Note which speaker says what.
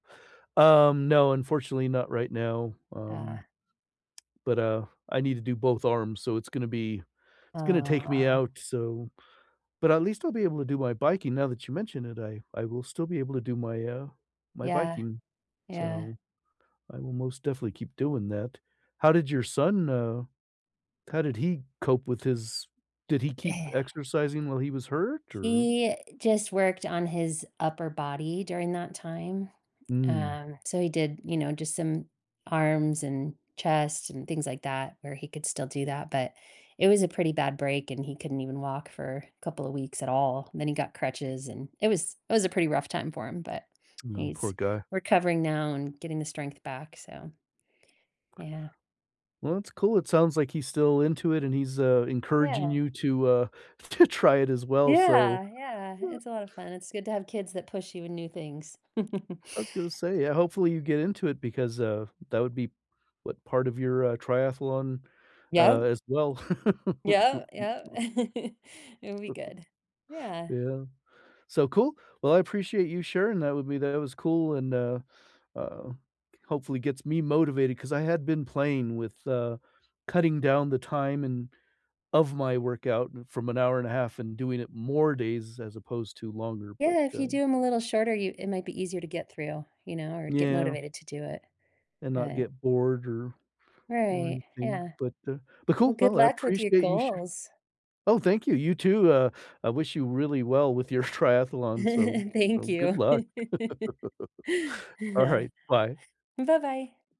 Speaker 1: Um, no, unfortunately, not right now, um
Speaker 2: Ah.
Speaker 1: But, uh, I need to do both arms, so it's gonna be
Speaker 2: Oh,
Speaker 1: it's gonna take me
Speaker 2: wow.
Speaker 1: out so but, at least I'll be able to do my biking, now that you mentioned it, I I will still be able to do my, uh, my
Speaker 2: Yeah.
Speaker 1: biking.
Speaker 2: Yeah.
Speaker 1: So, I will most definitely keep doing that. How did your son, uh, how did he cope with his did he keep
Speaker 2: Yeah.
Speaker 1: exercising while he was hurt? Or
Speaker 2: He just worked on his upper body during that time.
Speaker 1: Mm.
Speaker 2: Um, so he did, you know, just some arms and chest and things like that where he could still do that, but it was a pretty bad break, and he couldn't even walk for couple of weeks at all. Then he got crutches, and it was it was a pretty rough time for him, but
Speaker 1: No, poor
Speaker 2: he's
Speaker 1: guy.
Speaker 2: recovering now and getting the strength back, so Yeah.
Speaker 1: Well, that's cool it sounds like he's still into it, and he's, uh, encouraging
Speaker 2: Yeah.
Speaker 1: you to, uh, to try it as well so,
Speaker 2: Yeah, yeah.
Speaker 1: yeah.
Speaker 2: It's a lot of fun, it's good to have kids that push you in new things.
Speaker 1: I was gonna say, yeah, hopefully, you get into it because, uh, that would be what, part of your, uh, triathlon, uh,
Speaker 2: Yup.
Speaker 1: as well.
Speaker 2: Yup, yup. It'll be good, yeah.
Speaker 1: Yeah. So, cool. Well, I appreciate you sharing that with me that it was cool and, uh, uh, hopefully gets me motivated 'cause I had been playing with, uh, cutting down the time and of my workout from an hour and 1/2 and doing it more days as opposed to longer but,
Speaker 2: Yeah, if
Speaker 1: uh
Speaker 2: you do 'em a little shorter, you it might be easier to get through, you know, or get
Speaker 1: Yeah.
Speaker 2: motivated to do it,
Speaker 1: And not
Speaker 2: but
Speaker 1: get bored or or
Speaker 2: Right,
Speaker 1: anything,
Speaker 2: yeah.
Speaker 1: but uh, but cool.
Speaker 2: Well, good
Speaker 1: Well, I
Speaker 2: luck with your
Speaker 1: appreciate you sha
Speaker 2: goals.
Speaker 1: Oh, thank you, you too, uh, I wish you really well with your triathlon, so
Speaker 2: Thank
Speaker 1: so good
Speaker 2: you.
Speaker 1: luck.
Speaker 2: Yeah.
Speaker 1: Alright, bye.
Speaker 2: Buh-bye.